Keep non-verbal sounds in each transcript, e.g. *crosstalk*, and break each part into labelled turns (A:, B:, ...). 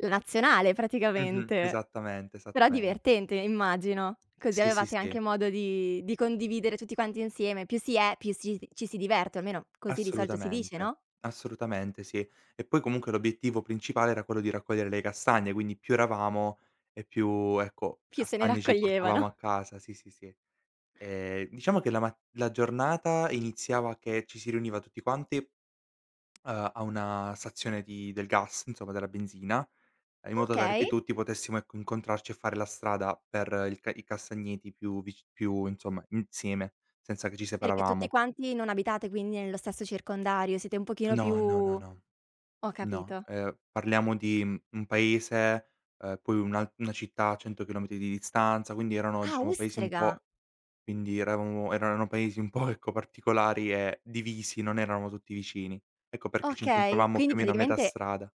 A: La nazionale
B: Mh-mh.
A: praticamente,
B: Esattamente,
A: però
B: esattamente.
A: divertente immagino, così
B: Sì, sì,
A: avevate
B: sì.
A: anche modo di di condividere tutti quanti insieme, più si è, più si d ci si diverte, almeno così di solito si dice,
B: Assolutamente,
A: no?
B: assolutamente, sì. E poi comunque l'obiettivo principale era quello di raccogliere le castagne, quindi più eravamo e più, ecco,
A: Più se ne
B: castagne ci portavamo a
A: raccoglievano.
B: casa, sì, sì, sì. Ehm, diciamo che la mat la giornata iniziava che ci si riuniva tutti quanti, ehm, a una stazione di del gas, insomma, della benzina, in modo tale che
A: Okay.
B: tutti potessimo, ecco, incontrarci e fare la strada per il i castagneti più vic più insomma insieme, senza che ci
A: Perché tutti
B: separavamo.
A: quanti non abitate quindi nello stesso circondario, siete un pochino più
B: No, no, no, no.
A: ho
B: No,
A: capito.
B: ehm, parliamo di, mhmm, un paese, ehm, poi un una città a 100 chilometri di distanza, quindi erano
A: Ah,
B: diciamo paesi un
A: ustrega.
B: po' quindi eravamo erano paesi un po' ecco particolari e divisi, non eravamo tutti vicini. Ecco perché ci
A: Okay,
B: incontravamo
A: quindi
B: più o meno a metà
A: praticamente
B: strada.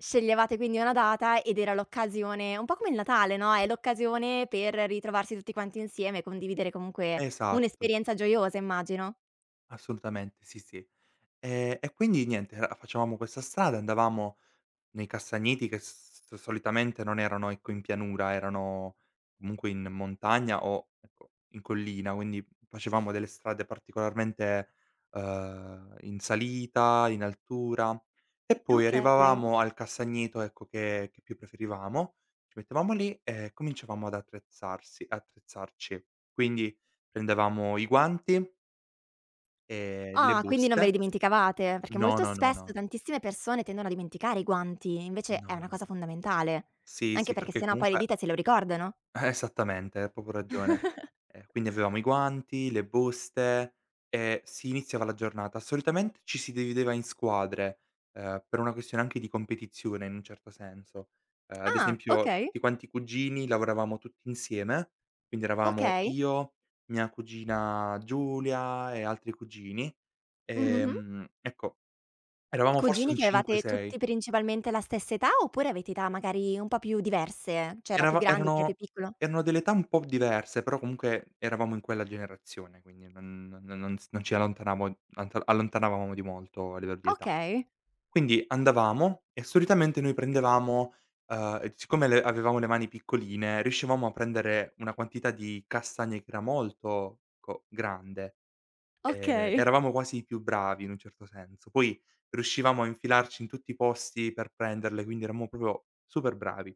A: sceglievate quindi una data ed era l'occasione un po' come il Natale, no, è l'occasione per ritrovarsi tutti quanti insieme, condividere comunque
B: Esatto.
A: un'esperienza gioiosa immagino.
B: Assolutamente, sì, sì. E e quindi niente, ehm, facevamo questa strada, andavamo nei castagneti che s s solitamente non erano ecco in pianura, erano comunque in montagna o, ecco, in collina, quindi f facevamo delle strade particolarmente, ehm, in salita, in altura e poi
A: Okay.
B: arrivavamo al castagneto, ecco, che che più preferivamo, ci mettevamo lì e cominciavamo ad attrezzarsi attrezzarci. Quindi, prendevamo i guanti e le
A: Ah, quindi non ve le
B: buste.
A: dimenticavate? Perché
B: No,
A: molto
B: no, no,
A: spesso
B: no.
A: tantissime persone tendono a dimenticare i guanti, invece è
B: No,
A: una
B: no,
A: cosa
B: no.
A: fondamentale.
B: Sì,
A: Anche
B: sì,
A: perché
B: perché
A: se no poi le
B: comunque
A: dita se lo ricordano.
B: Esattamente, hai proprio ragione. Eh,
A: *chuckles*
B: quindi avevamo i guanti, le buste e si iniziava la giornata. Solitamente ci si divideva in squadre, ehm, per una questione anche di competizione in un certo senso. Ehm, ad
A: Ah,
B: esempio
A: okay.
B: tutti quanti i cugini lavoravamo tutti insieme, quindi eravamo
A: Okay.
B: io, mia cugina Giulia e altri cugini.
A: Mh, mh-mh.
B: Ehm, ecco eravamo forse
A: Cugini
B: un
A: che
B: 5,
A: avevate
B: 6.
A: tutti principalmente la stessa età, oppure avete età magari un po' più diverse? Cioè, era più
B: Eravam
A: grande, chi è più
B: erano
A: piccolo?
B: erano delle età un po' diverse, però comunque eravamo in quella generazione, quindi non non non z non ci allontanavon antal allontanavamo di molto a livello di età.
A: Okay.
B: Quindi andavamo e solitamente noi prendevamo, ehm, e siccome le avevamo le mani piccoline, riuscivamo a prendere una quantità di castagne che era molto, ecco, grande. Ehm,
A: Okay.
B: eravamo quasi i più bravi, in un certo senso. Poi riuscivamo a infilarci in tutti i posti per prenderle, quindi eravamo proprio super bravi.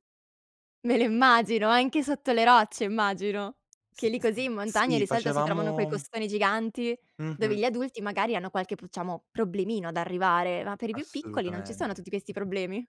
A: Me lo immagino, anche sotto le rocce immagino,
B: S
A: che lì
B: s
A: così
B: n
A: in montagna
B: sì
A: di solito si trovano quei
B: facevamo
A: costoni giganti dove
B: Mh-mh.
A: gli adulti magari hanno qualche diciamo problemino ad arrivare, ma per i più piccoli non ci sono
B: Assolutamente.
A: tutti questi problemi.